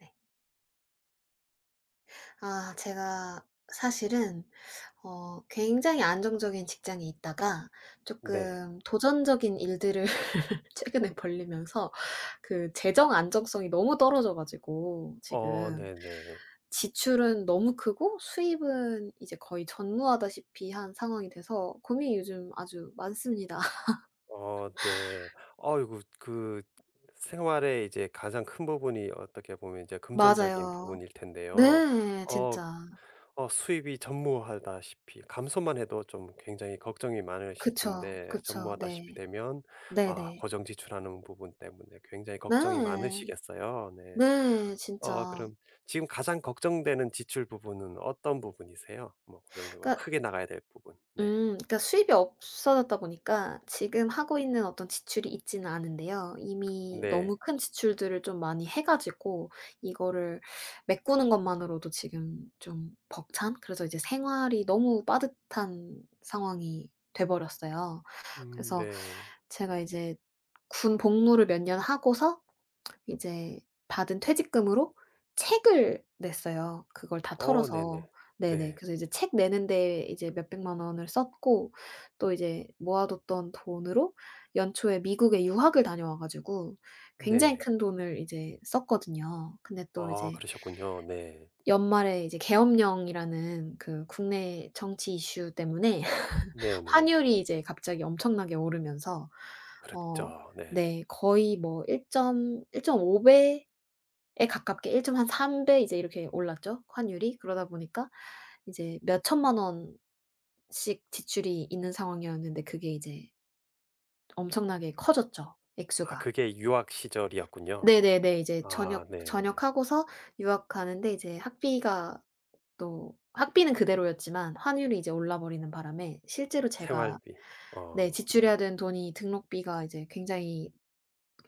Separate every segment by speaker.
Speaker 1: 네. 아. 제가 사실은 어 굉장히 안정적인 직장에 있다가
Speaker 2: 네.
Speaker 1: 쪼끔 도전적인 일들을 최근에 벌리면서 그 재정 안정성이 너무 떨어져 가지고
Speaker 2: 어.
Speaker 1: 지금.
Speaker 2: 네네.
Speaker 1: 지출은 너무 크고 수입은 이제 거의 전무하다시피 한 상황이 돼서 고민이 요즘 아주 많습니다.
Speaker 2: 어. 네. 아이고 그 생활에 이제 가장 큰 부분이 어떻게 보면 이제 금전적인
Speaker 1: 맞아요.
Speaker 2: 부분일 텐데요.
Speaker 1: 네.
Speaker 2: 어.
Speaker 1: 진짜.
Speaker 2: 어 수입이 전무하다시피 감소만 해도 좀 굉장히 걱정이 많으실
Speaker 1: 그쵸.
Speaker 2: 텐데
Speaker 1: 그쵸.
Speaker 2: 전무하다시피
Speaker 1: 네.
Speaker 2: 되면 아
Speaker 1: 네네.
Speaker 2: 고정 지출하는 부분 때문에 굉장히
Speaker 1: 네.
Speaker 2: 걱정이 많으시겠어요 네.
Speaker 1: 네
Speaker 2: 어
Speaker 1: 진짜.
Speaker 2: 그럼 지금 가장 걱정되는 지출 부분은 어떤 부분이세요? 뭐 고정적으로
Speaker 1: 그러니까
Speaker 2: 크게 나가야 될 부분. 네.
Speaker 1: 음. 그러니까 수입이 없어졌다 보니까 지금 하고 있는 어떤 지출이 있지는 않은데요. 이미 너무
Speaker 2: 네.
Speaker 1: 큰 지출들을 좀 많이 해 가지고 이거를 메꾸는 것만으로도 지금 좀 벅찬? 그래서 이제 생활이 너무 빠듯한 상황이 돼 버렸어요.
Speaker 2: 음
Speaker 1: 그래서
Speaker 2: 네.
Speaker 1: 제가 이제 군 복무를 몇 년 하고서 이제 받은 퇴직금으로 책을 냈어요 그걸 다
Speaker 2: 어 네네.
Speaker 1: 털어서. 네네.
Speaker 2: 네.
Speaker 1: 그래서 이제 책 내는 데에 이제 몇백만 원을 썼고 또 이제 모아 뒀던 돈으로 연초에 미국에 유학을 다녀와 가지고 굉장히
Speaker 2: 네.
Speaker 1: 큰 돈을 이제 썼거든요. 근데 또
Speaker 2: 아
Speaker 1: 이제
Speaker 2: 그러셨군요. 네.
Speaker 1: 연말에 이제 계엄령이라는 그 국내 정치 이슈 때문에
Speaker 2: 네네.
Speaker 1: 환율이 이제 갑자기 엄청나게 오르면서 어
Speaker 2: 그랬죠. 네.
Speaker 1: 네 거의 뭐 일점 일점오 배에 가깝게 1 점 한 3 배 이제 이렇게 올랐죠 환율이. 그러다 보니까 이제 몇천만 원씩 지출이 있는 상황이었는데 그게 이제 엄청나게 커졌죠
Speaker 2: 아
Speaker 1: 액수가.
Speaker 2: 그게 유학 시절이었군요.
Speaker 1: 네네네. 이제
Speaker 2: 아
Speaker 1: 전역
Speaker 2: 네.
Speaker 1: 전역하고서 유학 가는데 이제 학비가 또 학비는 그대로였지만 환율이 이제 올라버리는 바람에 실제로 제가
Speaker 2: 생활비.
Speaker 1: 네
Speaker 2: 어 네.
Speaker 1: 지출해야 되는 돈이 등록비가 이제 굉장히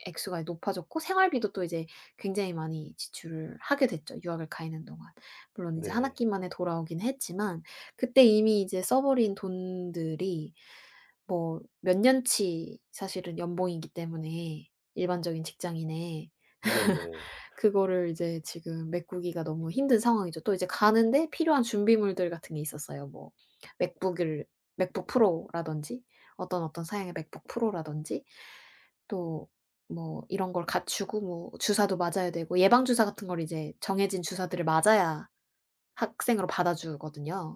Speaker 1: 액수가 이제 높아졌고 생활비도 또 이제 굉장히 많이 지출을 하게 됐죠 유학을 가 있는 동안. 물론 이제 1
Speaker 2: 네.
Speaker 1: 학기 만에 돌아오긴 했지만 그때 이미 이제 써 버린 돈들이 뭐 몇 년 치 사실은 연봉이기 때문에 일반적인 직장인의.
Speaker 2: 네네.
Speaker 1: 그거를 이제 지금 메꾸기가 너무 힘든 상황이죠. 또 이제 가는데 필요한 준비물들 같은 게 있었어요. 뭐 맥북을 맥북 프로라든지 어떤 어떤 사양의 맥북 프로라든지 또 뭐 이런 걸 갖추고 뭐 주사도 맞아야 되고 예방 주사 같은 걸 이제 정해진 주사들을 맞아야 학생으로 받아 주거든요.